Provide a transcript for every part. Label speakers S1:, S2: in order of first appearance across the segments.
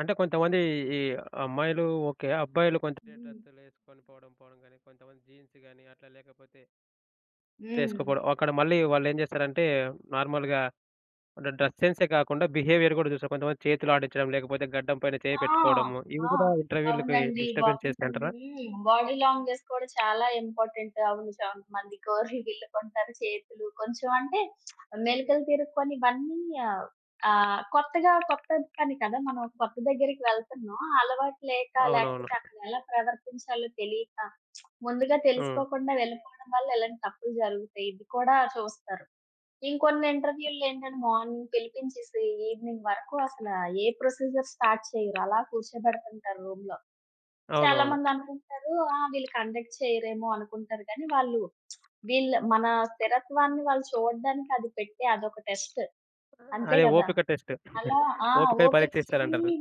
S1: అంటే కొంతమంది ఈ అమ్మాయిలు ఓకే. అబ్బాయిలు కొంతే
S2: హ్మ్.
S1: డ్రెస్సులేసుకొని పోవడం, పోవడం గాని, కొంతమంది జీన్స్ గాని, అట్లా లేకపోతే...
S2: హ్మ్.
S1: తేసుకోపోవడం. అక్కడ మళ్ళీ వాళ్ళేం చేస్తారంటే నార్మల్‌గా అంటే డ్రెస్ సెన్సే కాకుండా, బిహేవియర్ గూడా చూస్తారు. కొంతమంది చేతులాడిచ్చడం, లేకపోతే గడ్డం పైన చేయి
S2: ఆ!
S1: పెట్టుకోవడము, ఇవి
S2: ఆ!
S1: కూడా ఇంటర్‌వ్యూ‌లకి
S2: అవునండి. బా
S1: డిస్టర్బెన్స్ చేస్తదంటారా?
S2: హ్మ్. బాడీ లాంగ్వేజ్ కూడా చాలా ఇంపార్టెంట్ అవును చాలా మంది కోరి గిల్లుకొంటారు, చేతులు కొంచెం అంటే మెలికలు తిరుక్కొని ఇవన్నీ ఆహ్, ఆహ్, కొత్తగా కొత్త పని కదా! మనం కొత్త దగ్గరికి వెళ్తున్నాం అలవాటు లేక
S1: అవునవును.
S2: లేకపోతే అక్కడెలా ప్రవర్తించాలో తెలియక, ముందుగా
S1: హ్మ్.
S2: తెలుసుకోకుండా వెళ్ళిపోవడం వల్ల ఇలాంటి తప్పులు జరుగుతయి, ఇది కూడా చూస్తారు. ఇంకొన్ని ఇంటర్‌వ్యూ‌ళ్లు ఏంటంటే మార్నింగ్ పిలిపించేసి ఈవెనింగ్ వరకు అసలా ఏ ప్రొసిజర్ స్టార్ట్ చెయ్యరు, అలా కూర్చోబెడతుంటారు రూమ్‌లో.
S1: అవునవును.
S2: చాలామంది అనుకుంటారు "ఆ! వీళ్ళు కండక్ట్ చేయరేమో అనుకుంటారు. కానీ, వాళ్ళు వీళ్ళ మన స్థిరత్వాన్ని వాళ్ళు చూడడానికి అది పెట్టే అదొక టెస్ట్.
S1: ఆ!
S2: "అంతే
S1: అదే
S2: కదా?
S1: ఓపిక టెస్ట్.
S2: అలా ఆ!
S1: ఓపికని
S2: ఓపిక్కి
S1: పరీక్షించారంటరు.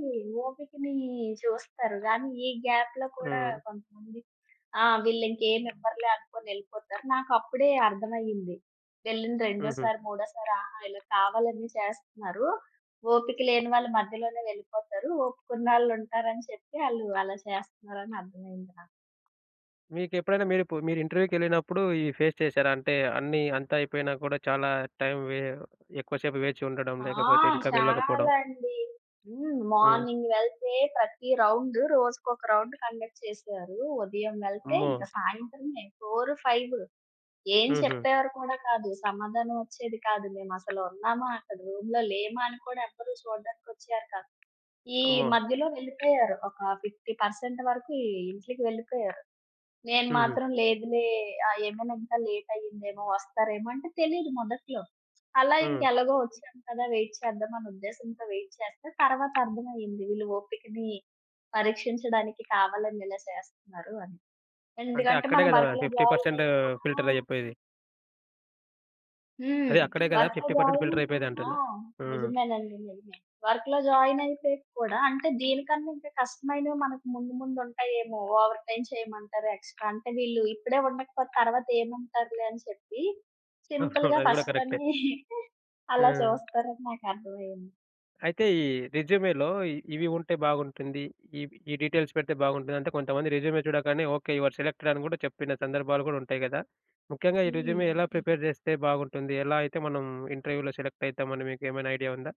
S2: ఓపికని చూస్తారు. గానీ ఈ గ్యాప్‌లో కూడా
S1: హ్మ్.
S2: కొంతమంది "ఆ! వీళ్ళు ఇంకేమి ఇవ్వరులే అనుకోని ఎళ్ళిపోతారు." నాకు అప్పుడే అర్థమయ్యింది ఎళ్ళిన
S1: హుహు.
S2: రెండోసారి, మూడోసారి, ఆహా! ఇలా కావాలని చేస్తున్నారు. ఓపిక లేని వాళ్ళు మధ్యలోనే వెళ్ళిపోతారు. ఓపికున్నాళ్ళు ఉంటారని చెప్పి ఆళ్ళు అలా చేస్తన్నారని అర్థమయింది నాకు.
S1: మీకెప్పుడైనా మీరిప్పుడు మీరు ఇంటర్‌వ్యూ‌కి వెళ్ళినప్పుడు ఇవి ఫేస్ చేశారా? అంటే అన్నీ అంతా అయిపోయినా కూడా చాలా టైం వే ఎక్కువ సేపు వేచి ఉండడం,
S2: ఆ!
S1: లేకపోతే ఇంకా
S2: చాలా
S1: వెళ్ళకపోవడం.
S2: అండి. హ్మ్.
S1: హ్మ్.
S2: మార్నింగ్ వెళ్తే ప్రతి రౌండ్ రోజుకొక రౌండ్ కండక్ట్ చేసేవారు. ఉదయం వెళ్తే
S1: అమ్మో!
S2: ఇంక సాయంత్రమే 4, 5. ఏం
S1: హుహు.
S2: చెప్పేవారు కూడా కాదు, సమాధానం ఒచ్చేది కాదు. మేము అసలు ఉన్నామా? అక్కడ రూమ్‌లో లేమా? అని కూడా ఎవ్వరు చూడడానికొచ్చేవారు కాదు. ఈ
S1: అమ్మో!
S2: మధ్యలో వెళ్ళిపోయారు ఒక 50% వరకీ ఇంట్లికి వెళ్ళిపోయారు. నేను
S1: హుహు.
S2: మాత్రం "లేదులే. ఆ! ఏమన్నా ఇంత లేట్ అయిందేమో, వస్తారేమో" అంటే తెలీదు మొదట్లో. అలా
S1: హ్మ్.
S2: ఇంక ఎలాగో వచ్చాం కదా! వెయిట్ చేద్దాం అనే ఉద్దేశంతో వెయిట్ చేస్తే, తరువాత అర్థమయింది వీళ్ళు ఓపికని పరీక్షించడానికి కావాలని ఇలా చేస్తన్నారు అని.
S1: అంటే
S2: ఎందుకంటే
S1: అక్కడే
S2: మనం
S1: కదా!
S2: వర్క్‌లో
S1: ఫిఫ్టీ
S2: జాయిన్
S1: పర్సెంట్
S2: అయినా ఆ!
S1: ఫిల్టరయ్యే పోయేది.
S2: హ్మ్.
S1: అదే అక్కడే కదా!
S2: వర్క్‌లో
S1: 50%
S2: జాయినై
S1: ఫిల్టర్ అయిపోయేది
S2: ఆ!
S1: అంటున్నా. హ్మ్.
S2: నిజమేనండి. నిజమే. వర్క్‌లో జాయినైపోయాక కూడా అంటే దీనికన్నా ఇంకా కష్టమైనవి మనకు ముందు ముందు ఉంటయేమో, ఓవర్ టైమ్ చేయమంటారు ఎక్స్‌ట్రా. అంటే వీళ్ళు ఇప్పుడే ఉండకపోతే తర్వాత ఏముంటారులే అని చెప్పి సింపుల్‌గా
S1: అది కూడా కరెక్టే.
S2: ఫస్ట్‌లోనే అలా
S1: ఆ!
S2: చూస్తారని నాకు అర్థం అయ్యింది.
S1: అయితే ఈ రెజ్యూ‌మే‌లో ఇ ఇవి ఉంటే బాగుంటుంది. ఇవి ఈ డీటెయిల్స్ పెడితే బాగుంటుంది అంటే కొంతమంది రెజ్యూమే చూడగానే "ఓకే. యూ ఆర్ సెలెక్టెడ్" అని కూడా చెప్పిన సందర్భాలు కూడా ఉంటయి కదా! ముఖ్యంగా ఈ రెజ్యూమే
S2: హ్మ్.
S1: ఎలా ప్రిపేర్ చేస్తే బాగుంటుంది? ఎలా అయితే మనం ఇంటర్‌వ్యూ‌లో సెలెక్ట్ అయితాం అని మీకు ఏమైనా ఐడియా ఉందా?